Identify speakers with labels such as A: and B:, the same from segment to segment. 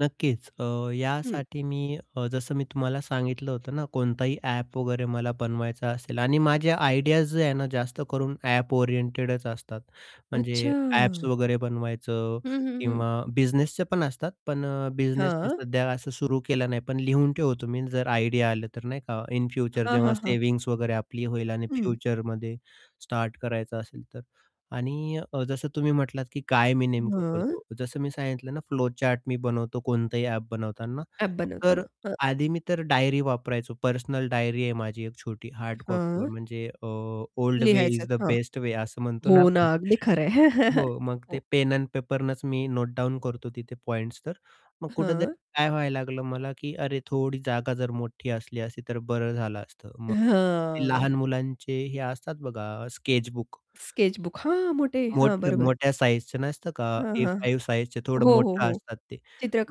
A: नक्कीच. अ,
B: हं.
A: यासाठी मी अ, जसं मी तुम्हाला सांगितलं होतं ना, कोणताही ॲप वगैरे मला बनवायचा असेल आणि माझ्या आयडियाज जे आहे ना, जास्त करून ॲप ओरिएंटेडच असतात. म्हणजे ॲप्स
B: अच्छा!
A: वगैरे बनवायचं
B: हं, हं, हं.
A: किंवा बिझनेसच पण असतात. पण अ, बिझनेस मी
B: हां.
A: सध्या असं सुरू केलं नाही. पण लिहून ठेवतो मी जर आयडिया आलं तर, नाही का, इन फ्युचर
B: हां,
A: जेव्हा
B: हां, हां.
A: सेव्हिंग्ज वगैरे आपली होईल. आणि
B: हं.
A: फ्युचरमध्ये स्टार्ट करायचं असेल तर. आणि अ, जसं तुम्ही म्हटलात, की "काय मी नेमकं करतो?"
B: मग?
A: जसं मी सांगितलं ना, फ्लो चार्ट मी बनवतो. कोणतंही ॲप बनवताना,
B: ॲप
A: तर
B: बनवताना. हो.
A: आधी मी तर डायरी वापरायचो. पर्सनल डायरी आहे माझी एक छोटी.
B: अ,
A: हार्ड कॉपीवर
B: हां.
A: म्हणजे अ, ओल्ड वे
B: लिहायच
A: इज
B: आहेत.
A: द
B: हां.
A: बेस्ट वे असं म्हणतो ना?
B: हो
A: आपण
B: ना. अगदी खरं आहे.
A: हो. मग ते
B: हो.
A: पेन एंड पेपरनेच मी नोटडाउन करतो तिथे पॉइंट्स तर. मग कुठेतरी
B: हां.
A: काय व्हायला लागलं? मला, की अरे, थोडी जागा जर मोठी असली असती तर बरं झालं असतं. मग ते
B: हं.
A: लहान मुलांचे हे असतात बघा अ, स्केच बुक
B: स्केच बुक. हां, मोठे. हां. बरोबर.
A: मोठ्या-मोठ्या साइझचं नसतं का?
B: हां,
A: ए
B: हां.
A: 5 साइझचे थोडं
B: हो, हो,
A: मोठं
B: हो.
A: असतात ते.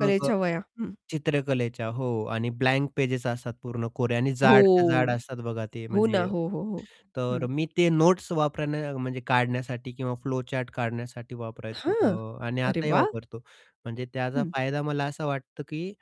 A: मग अ,
B: वह्या. हं.
A: चित्रकलेच्या. हो. आणि ब्लँक पेजेस असतात. पूर्ण कोरे आणि जाडच्या जाड
B: हो.
A: असतात बघा ते,
B: हो ना.
A: म्हणजे
B: हो, हो, हो.
A: तर
B: हं.
A: मी ते नोट्स वापरणं म्हणजे काढण्यासाठी किंवा फ्लोचार्ट काढण्यासाठी वापरायचो.
B: हां.
A: अ, आणि
B: अरे
A: आताही
B: वाह!
A: वापरतो. म्हणजे त्याचा
B: हं.
A: फायदा मला असा वाटतो, की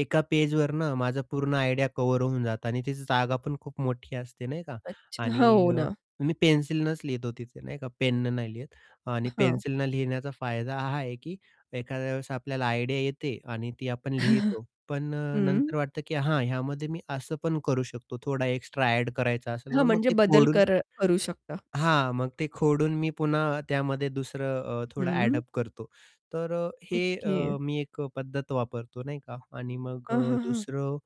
A: एका पेजवरनं माझा पूर्ण आयडिया कव्हर होऊन जातं. आणि तिची जागा पण खूप मोठी असते नाही का?
B: अच्छा.
A: आणि
B: हो ना.
A: मी पेन्सिलनेच लिहतो तिथे नाही का, पेन नाही लिहत. आणि
B: हां.
A: पेन्सिलने लिहिण्याचा फायदा हा आहे, की एखाद्या वेळेस आपल्याला आयडिया येते आणि ती आपण लिहितो. पण अ,
B: हं.
A: नंतर वाटतं, की हां, ह्यामध्ये मी असं पण करू शकतो. थोडा एक्स्ट्रा एड करायचा असेल
B: हां.
A: ना, मग
B: म्हणजे
A: ते
B: बदल
A: खोडून
B: कर करू शकता.
A: हां. मग ते खोडून मी पुन्हा त्यामध्ये दुसरं अ, थोडं
B: हं.
A: एड-अप करतो. तर हे अ,
B: ओके.
A: मी एक पद्धत वापरतो नाही का, आणि मग
B: हं,
A: अ,
B: हं, हं.
A: दुसरं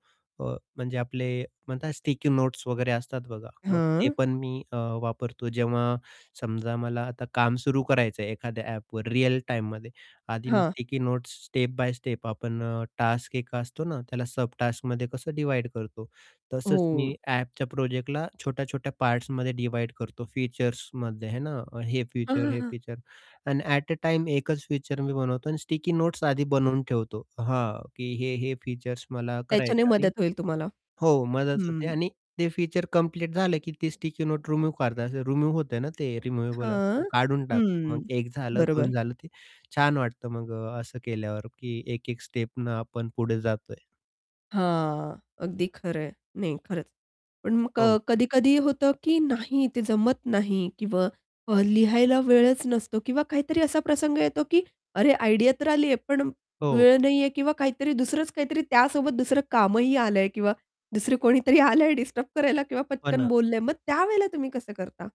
A: अ, म्हणजे, आपले म्हणतात. स्टिकी नोट्स वगैरे असतात बघा, मग ते
B: हां.
A: पण मी अ, वापरतो. जेव्हा समजा मला आता काम सुरू करायचं आहे एखाद्या ॲपवर रिअल टाईममध्ये. आधी मी
B: हां.
A: Sticky notes step by step आपण टास्क एक असतो ना, त्याला सब टास्कमध्ये कसं डिव्हाईड करतो. तसंच
B: हो.
A: मी ॲपच्या प्रोजेक्टला छोट्या-छोट्या पार्ट्समध्ये डिव्हाईड करतो. फीचर्समध्ये आहे ना, हे
B: हं,
A: फीचर,
B: हं,
A: हे
B: हं.
A: फीचर आणि एट अ, टाईम एकच फीचर मी बनवतो आणि स्टिकी नोट्स आधी बनवून ठेवतो. हां, की हे हे फीचर्स मला
B: त्याच्याने
A: करायचं आणि
B: मदत होईल तुम्हाला.
A: हो मदत होते
B: हं.
A: आणि ते फीचर कंप्लीट झाले, की ती स्टिकी नोट रिमूव्ह करत असे. रिमूव्ह होतं आहे ना, ते रिमूव्हेबल
B: हं,
A: असतं, काढून टाकतो. मग
B: हं.
A: एक झालं, 2
B: बरोबर.
A: झालं. ते छान वाटतं. मग अ, असं केल्यावर, की एक-एक स्टेपने आपण पुढे जातो आहे.
B: हां. अगदी खरं आहे. नाही खरच. पण मग अ,
A: हो.
B: कधी-कधी होतं, की नाही ते जमत नाही किंवा अ, लिहायला वेळच नसतो किंवा काहीतरी असा प्रसंग येतो, की अरे आयडियातर आली आहे. पण
A: हो.
B: वेळ नाही आहे किंवा काहीतरी दुसरंच, काहीतरी त्यासोबत. दुसरं कामही आलं आहे किंवा दुसर कोणीतरी आलं आहे डिस्टर्ब करायला किंवा
A: हो
B: पटकन
A: ना.
B: बोललं आहे. मग त्यावेळेला तुम्ही कसं करता?